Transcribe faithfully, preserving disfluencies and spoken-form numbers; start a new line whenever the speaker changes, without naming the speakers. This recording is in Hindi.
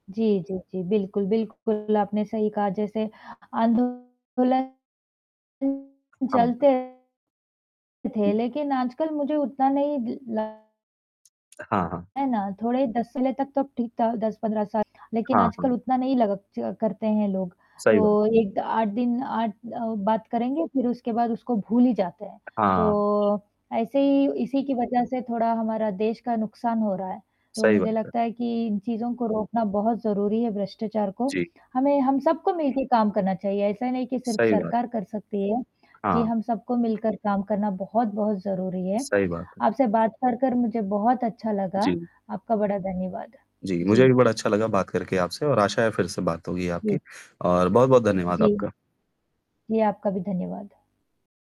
जी, जी, जी बिल्कुल, बिल्कुल आपने सही कहा जैसे आंदोलन
हाँ,
चलते
हुँ।
रहते थे लेकिन आजकल मुझे उतना नहीं द ल
हाँ, हाँ।
है ना? थोड़े दस पहले तक तो ठीक था दस पंद्रह साल लेकिन
हाँ,
आजकल
हाँ।
उतना नहीं लग च करते हैं लोग।
सही बात।
तो एक द आठ दिन आठ अ, बात करेंगे फिर उसके बाद उसको भूल ही जाते हैं।
हाँ।
तो ऐसे ही इसी की वजह से थोड़ा हमारा देश का नुकसान हो रहा है। तो
सही
मुझे
बात है।
लगता है कि इन चीज़ों को रोकना बहुत ज़रूरी है भ्रष्टाचार को।
जी।
हमें हम सबको मिलके काम करना चाहिए ऐसा नहीं कि सिर्फ
सही बात।
सरकार कर सकती है। जी
हाँ।
हम सबको मिलकर काम करना बहुत-बहुत ज़रूरी है।
सही बात है।
आपसे बात कर कर मुझे बहुत अच्छा लगा,
जी।
आपका बड़ा धन्यवाद।
जी, मुझे
जी।
भी बड़ा अच्छा लगा बात करके आपसे और आशा है फिर से बात होगी आपकी
जी।
और बहुत-बहुत धन्यवाद
जी।
आपका।
जी आपका भी धन्यवाद।